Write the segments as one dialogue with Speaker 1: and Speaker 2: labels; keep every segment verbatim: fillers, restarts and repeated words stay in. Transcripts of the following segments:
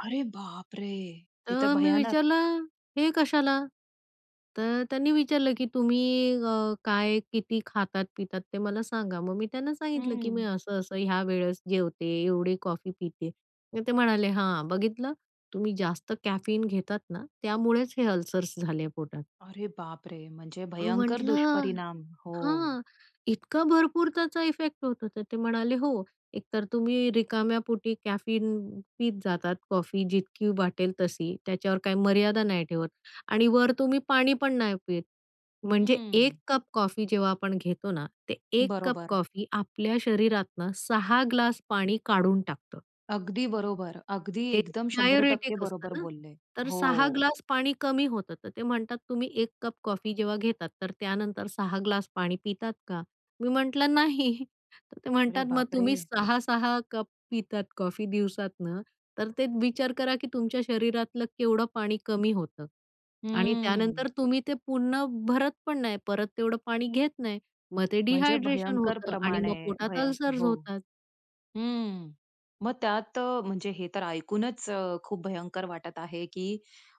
Speaker 1: अरे बापरे! हे तर
Speaker 2: तर मी
Speaker 1: भयानक.
Speaker 2: विचारलं, "हे कशाला? तर त्यांनी विचारलं की, "तुम्ही अ, काय किती खातात पितात ते मला सांगा?" मग मी त्यांना सांगितलं की, "मी
Speaker 1: हं.
Speaker 2: असं-असं ह्या वेळेस जेवते, एवढी कॉफी पिते." मग ते म्हणाले, "हां, बघितलं, तुम्ही जास्त कॅफीन घेतात ना त्यामुळेच हे अल्सर्स झाले पोटात."
Speaker 1: अरे बापरे! म्हणजे
Speaker 2: अ,
Speaker 1: भयंकर
Speaker 2: म्हटलं,
Speaker 1: दुष्परिणाम, हो.
Speaker 2: "हां, इतका भरपूर त्याचा इफेक्ट होतो?" तर ते म्हणाले, "हो एक तर तुम्ही रिकाम्या पोटी कॅफीन पीत जातात कॉफी जितकी वाटेल तशी, त्याच्यावर काही मर्यादा नाही ठेवत आणि वर तुम्ही पाणी पण नाही पीत." म्हणजे
Speaker 1: हं.
Speaker 2: एक कप कॉफी जेव्हा आपण घेतो ना ते एक कप
Speaker 1: बरोबर.
Speaker 2: कॉफी आपल्या शरीरातनं सहा ग्लास पाणी काढून टाकतं.
Speaker 1: अगदी बरोबर, अगदी
Speaker 2: ते
Speaker 1: एकदम शंभर टक्के
Speaker 2: डायुरेटिक असतं
Speaker 1: बरोबर
Speaker 2: ना,
Speaker 1: बोलले.
Speaker 2: तर सहा
Speaker 1: हो.
Speaker 2: ग्लास पाणी कमी होतं. तर ते म्हणतात, "तुम्ही एक कप कॉफी जेव्हा घेतात, तर त्यानंतर सहा ग्लास पाणी पितात का?" मी म्हटलं, "नाही." तर ते
Speaker 1: अरे
Speaker 2: म्हणतात, "मग तुम्ही
Speaker 1: बापरे!
Speaker 2: सहा सहा कप पितात कॉफी दिवसातनं, तर ते विचार करा की तुमच्या शरीरातलं केवढं पाणी कमी होतं आणि
Speaker 1: हम्म.
Speaker 2: त्यानंतर तुम्ही ते पुन्हा भरत पण नाही, परत तेवढं पाणी घेत नाही, मग ते
Speaker 1: म्हणजे
Speaker 2: डिहायड्रेशन
Speaker 1: भयंकर
Speaker 2: होतं आणि
Speaker 1: प्रमाणे
Speaker 2: मग पोटात
Speaker 1: भय
Speaker 2: अल्सर्स
Speaker 1: हो,
Speaker 2: होतात."
Speaker 1: हं, मग त्यात अ, म्हणजे हे तर ऐकूनच खूप भयंकर वाटत आहे की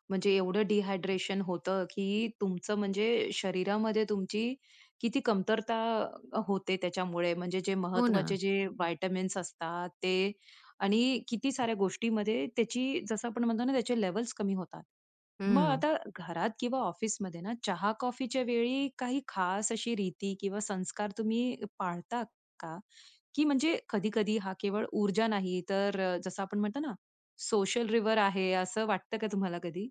Speaker 1: म्हणजे एवढं डिहायड्रेशन होतं की तुमचं म्हणजे शरीरामध्ये तुमची किती कमतरता होते त्याच्यामुळे म्हणजे जे
Speaker 2: हो
Speaker 1: महत्त्वाचे
Speaker 2: ना.
Speaker 1: जे व्हिटॅमिन्स असतात ते आणि किती साऱ्या गोष्टींमध्ये त्याची जसं आपण म्हणतो ना, त्याचे लेव्हल्स कमी होतात. मग
Speaker 2: हं.
Speaker 1: आता घरात किंवा ऑफिसमध्ये ना चहा कॉफीच्या वेळी काही खास अशी रीती किंवा संस्कार तुम्ही पाळतात का? की म्हणजे कधी-कधी हा केवळ ऊर्जा नाही, तर अ, जसं आपण म्हणतो ना सोशल रिव्हर आहे, असं वाटतं का तुम्हाला कधी?